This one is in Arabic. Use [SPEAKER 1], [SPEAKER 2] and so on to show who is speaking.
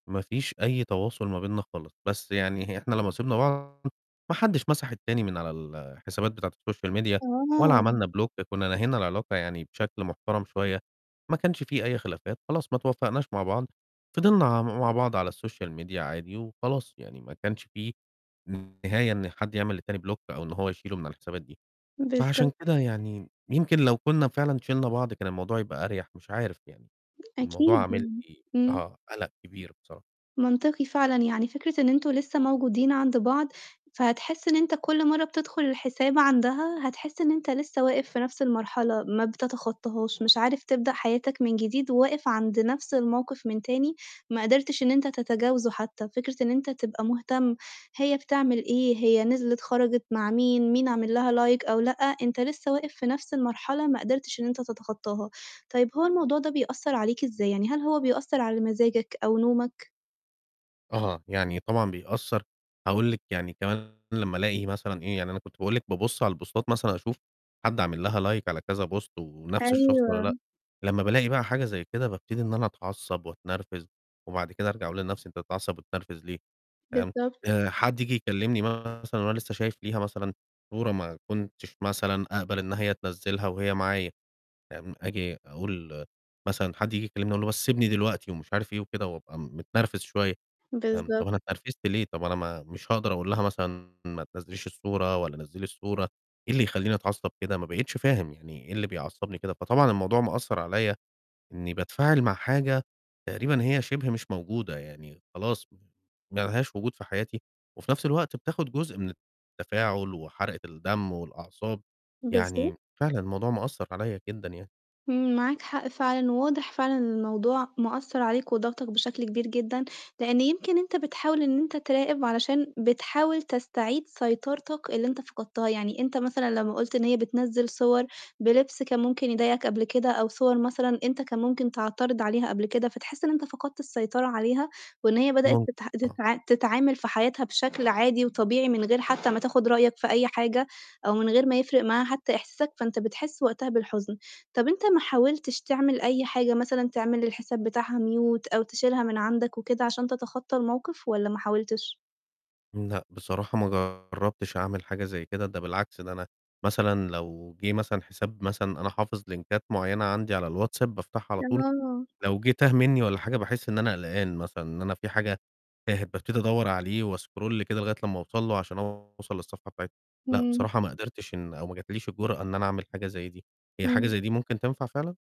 [SPEAKER 1] ما فيش أي تواصل ما بيننا خالص، بس يعني هي إحنا لمّا سِبنا بعض ما حدش مسح التاني من على الحسابات بتاعة السوشيال ميديا ولا
[SPEAKER 2] تمام.
[SPEAKER 1] عملنا بلوك، كنّا نهينا العلاقة يعني بشكل محترم شوية، ما كانش في أي خلافات، خلاص ما اتوفّقناش مع بعض، فِضِلنا عم مع بعض على السوشيال ميديا عادي وخلاص، يعني ما كانش في نهاية إن حد يعمل للتاني بلوك أو إن هو يشيله من على الحسابات دي،
[SPEAKER 2] بالضب
[SPEAKER 1] فعشان كده يعني يمكن لو كنّا فعلًا شِلنا بعض كان الموضوع هيبقى أريح مش عارف يعني، الموضوع
[SPEAKER 2] أكيد،
[SPEAKER 1] عامل
[SPEAKER 2] إمم،
[SPEAKER 1] لي
[SPEAKER 2] إمم.
[SPEAKER 1] آه، قَلَق كبير بصر
[SPEAKER 2] منطقي فعلًا يعني فكرة إن أنتم لسه موجودين عند بعض، فهتحس إن أنت كُلّ مرّه بتدخُل الحساب عندها هتحس إن أنت لسه واقف في نَفْس المرحلة، ما بتتخطّهاش، مش عارف تبدأ حياتك من جديد وواقف عند نَفْس الموقِف من تاني، ما قدرتش إن أنت تتجاوزُه حتى، فكرة إن أنت تبقى مهتم هي بتعمل إيه، هي نزلِت خَرَجِت مع مين، مين عامل لها لايك أو لأ، أنت لسه واقف في نَفْس المرحلة ما قدرتش إن أنت تتخطّاها. طيب هو الموضوع ده بيأثّر عليك إزاي، يعني هل هو بيأثّر على مزاجك أو نومك؟
[SPEAKER 1] أها، يعني طبعًا بيأثّر، هاقول لِك يعني كمان لمّا ألاقي مثلًا إيه، يعني أنا كنت باقول لك بابُصّ على البوستات مثلًا أشوف حد عامل لها لايك على كذا بوست ونَفْس الشخص والَّا
[SPEAKER 2] أيوه.
[SPEAKER 1] لأ، لمّا بألاقي بقى حاجة زي كده، بابتدي إن أنا أتعصّب وأتنرفِز، وبعد كده أرجع أقول لنَفْسي أنت تتعصّب وتتنرفِز ليه؟ فاهم،
[SPEAKER 2] بالضبط.
[SPEAKER 1] آآ، حد ييجي يكلّمني مثلًا وأنا لسه شايف ليها مثلًا صورة ما كنتش مثلًا أقبل إن هي تنزّلها وهي معايا، فاهم، آجي أقول مثلًا حد ييجي يكلّمني أقول له بس سِبني دلوقتي ومش عارف إيه وكده، وأبقى م متنرفِز شوية، فاهم، طَب
[SPEAKER 2] بالضبط.
[SPEAKER 1] أنا اتنرفِزت ليه، طَب أنا ما مش هاقدر أقول لها مثلًا ما تنزّليش الصورة ولا نزّلي الصورة، إيه اللي يخلّيني أتعصّب كده ما بقيتش فاهم، يعني إيه اللي بيعصّبني كده، فطبعًا الموضوع مأثّر عليَّ إنّي باتفاعل مع حاجة تقريبًا هي شِبه مش موجودة يعني، خلاص م ما لهاش وجود في حياتي وفي نَفْس الوقت بتاخُد جزء من التفاعل وحَرقة الدم والأعصاب،
[SPEAKER 2] بالض
[SPEAKER 1] يعني فعلًا الموضوع مأثّر عليَّ جدًا يعني.
[SPEAKER 2] إمم، معاك حق فعلًا، وواضح فعلًا إن الموضوع مأثّر عليك وضاغطك بشكل كبير جدًا، لإن يمكن أنت بتحاول إن أنت تراقب علشان بتحاول تستعيد سيطرتك اللي أنت فقدتها، يعني أنت مثلًا لمّا قُلت إن هي بتنزّل صور بلبس كان ممكن يضايقك قبل كده، أو صور مثلًا أنت كان ممكن تعترض عليها قبل كده، فتحس إن أنت فقدت السيطرة عليها، وإن هي بدأت
[SPEAKER 1] ممكن
[SPEAKER 2] تته
[SPEAKER 1] آه.
[SPEAKER 2] تتع تتعامل في حياتها بشكل عادي وطبيعي من غير حتى ما تاخُد رأيك في أي حاجة، أو من غير ما يفرق معاها حتى إحساسك، فأنت بتحس وقتها بالحُزن. طَب أنت ما حاولتش تعمل أي حاجة مثلًا تعمل للحساب بتاعها mute أو تشيلها من عندك وكده، عشان تتخطّى الموقِف والَّا ما حاولتش؟
[SPEAKER 1] لأ، بصراحة ما جرّبتش أعمل حاجة زي كده، ده بالعكس، ده أنا مثلًا لو جِه مثلًا حساب مثلًا أنا حافظ لينكات معيّنة عندي على الواتساب بافتحها على طول،
[SPEAKER 2] آه.
[SPEAKER 1] لو جِه تاه منّي والَّا حاجة باحس إن أنا قلقان مثلًا، إن أنا في حاجة تاهت بابتدي أدوّر عليه وأسكرول كده لغاية لمّا أوصل له عشان أوصل للصفحة بتاعت لأ،
[SPEAKER 2] إمم.
[SPEAKER 1] بصراحة ما قدرتش إن أو ما جاتش لي الجُرأة إن أنا أعمل حاجة زي دي، هي حاجة
[SPEAKER 2] إمم.
[SPEAKER 1] زي دي ممكن تنفع فعلًا؟